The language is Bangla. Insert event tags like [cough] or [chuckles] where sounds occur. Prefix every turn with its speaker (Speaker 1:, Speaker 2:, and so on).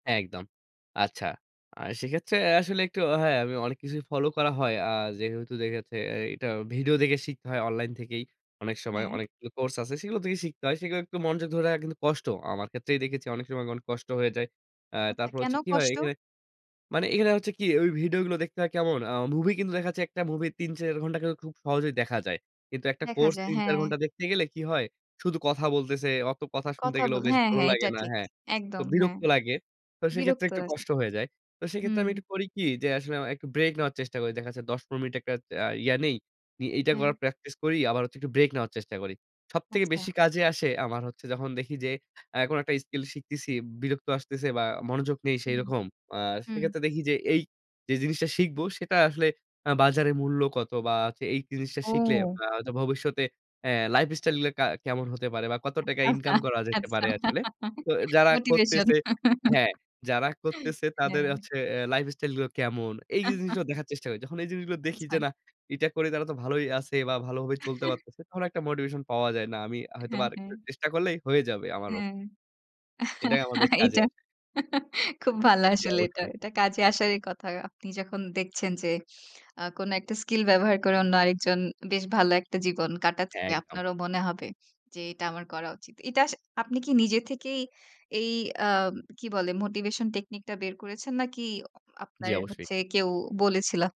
Speaker 1: হ্যাঁ, একদম। আচ্ছা। আ সেক্ষেত্রে আসলে একটু হ্যাঁ, আমি অনেক কিছুই ফলো করা হয়। আ যেহেতু দেখেছে এইটা ভিডিও দেখে শিখতে হয় অনলাইন থেকেই। অনেকগুলো সময়
Speaker 2: হ্যাঁ।
Speaker 1: অনেক কোর্স আছে। সেগুলো থেকেই শিখতে হয়। সেগুলো একটু মনযোগ ধরে রাখা কিন্তু কষ্ট। আমার ক্ষেত্রেই দেখেছি অনেক সময় অনেক কষ্ট হয়ে যায়। আ
Speaker 2: আচ্ছা
Speaker 1: তারপর
Speaker 2: কেন
Speaker 1: হচ্ছে কি হয়
Speaker 2: কষ্ট?
Speaker 1: এখানে। মানে এখানে হচ্ছে কি ওই ভিডিও গুলো দেখতে হয় কেমন আ মুভি কিন্তু দেখা যাচ্ছে একটা মুভি ৩, ৪ ঘন্টা কিন্তু খুব সহজেই দেখা যায়। কিন্তু একটা
Speaker 2: দেখা
Speaker 1: কোর্স
Speaker 2: যায়,
Speaker 1: ৩, ৪
Speaker 2: হ্যাঁ।
Speaker 1: ঘণ্টা দেখতে গেলে কি হয়, শুধু কথা বলতেছে, অত কথা শুনতে
Speaker 2: কথা
Speaker 1: গেলেও
Speaker 2: বল
Speaker 1: বেশ
Speaker 2: হ্যাঁ,
Speaker 1: ভালো
Speaker 2: হ্যাঁ, এটা
Speaker 1: লাগে না।
Speaker 2: ঠিক
Speaker 1: হ্যাঁ, তো
Speaker 2: একদম হ্যাঁ।
Speaker 1: বিরক্ত লাগে। তো সেক্ষেত্রে
Speaker 2: বিরক্ত
Speaker 1: একটু
Speaker 2: আস
Speaker 1: কষ্ট হয়ে যায়। তো সেক্ষেত্রে
Speaker 2: হুম।
Speaker 1: আমি একটু করি কি যে, আসলে আ একটু ব্রেক নেওয়ার চেষ্টা করি। দেখা যায় ১০-১৫ মিনিট একটা আ ইয়ে নেই। ই এইটা
Speaker 2: হুম।
Speaker 1: করার প্র্যাকটিস করি আবার হচ্ছে একটু ব্রেক নেওয়ার চেষ্টা করি। সবথেকে
Speaker 2: আচ্ছা।
Speaker 1: বেশি কাজে আসে আমার হচ্ছে যখন দেখি যে, আ কোনো একটা স্কিল শিখতেছি, বিরক্ত আসতেছে বা মনোযোগ নেই
Speaker 2: হুম।
Speaker 1: সেইরকম। আ
Speaker 2: হুম।
Speaker 1: সেক্ষেত্রে দেখি যে, এই, যে, জিনিসটা শিখবো সেটা আসলে আ বাজারের মূল্য কত বা হচ্ছে এই জিনিসটা শিখলে
Speaker 2: ও।
Speaker 1: আ তো ভবিষ্যতে অ্যা লাইফস্টাইলগুলো একটা কা কেমন হতে পারে বা কত টাকা
Speaker 2: আচ্ছা,
Speaker 1: ইনকাম করা যেতে
Speaker 2: আচ্ছা।
Speaker 1: পারে আসলে। তো যারা
Speaker 2: মোটিভেশন।
Speaker 1: করতেছে, হ্যাঁ, যারা করতেছে তাদের
Speaker 2: হ্যাঁ।
Speaker 1: হচ্ছে এ লাইফ স্টাইলগুলো কেমন। এই যে, জিনিসগুলো
Speaker 2: [chuckles]
Speaker 1: দেখার চেষ্টা করি। যখন এই জিনিসগুলো দেখি যে,
Speaker 2: আচ্ছা।
Speaker 1: না এটা করে তারা তো ভালোই আছে বা ভালোভাবে চলতে
Speaker 2: [chuckles]
Speaker 1: পারতেছে। তখন একটা মোটিভেশন পাওয়া যায়। না আমি হয়তোবা
Speaker 2: হ্যাঁ,
Speaker 1: আরেকটূ
Speaker 2: হ্যাঁ।
Speaker 1: চেষ্টা করলেই হয়ে যাবে আমারও।
Speaker 2: হ্যাঁ।
Speaker 1: এটাই আমার বেশ কাজে
Speaker 2: এইটা।
Speaker 1: আসবে।
Speaker 2: খুব ভালো
Speaker 1: জি,
Speaker 2: আসলে এটা।
Speaker 1: অবশ্যই।
Speaker 2: এটা কাজে আসারই কথা। আপনি যখন দেখছেন যে, আ কোন একটা স্কিল ব্যবহার করে অন্য আরেকজন বেশ ভালো একটা জীবন কাটাচ্ছে
Speaker 1: হ্যাঁ, একদম।
Speaker 2: আপনারও মনে হবে যে, এটা আমার করা উচিত। এটা আস আপনি কি নিজে থেকেই এই আ কি বলে মোটিভেশন টেকনিকটা বের করেছেন নাকি অ
Speaker 1: জি,
Speaker 2: আপনার
Speaker 1: অবশ্যই।
Speaker 2: হচ্ছে কেউ বলেছিল?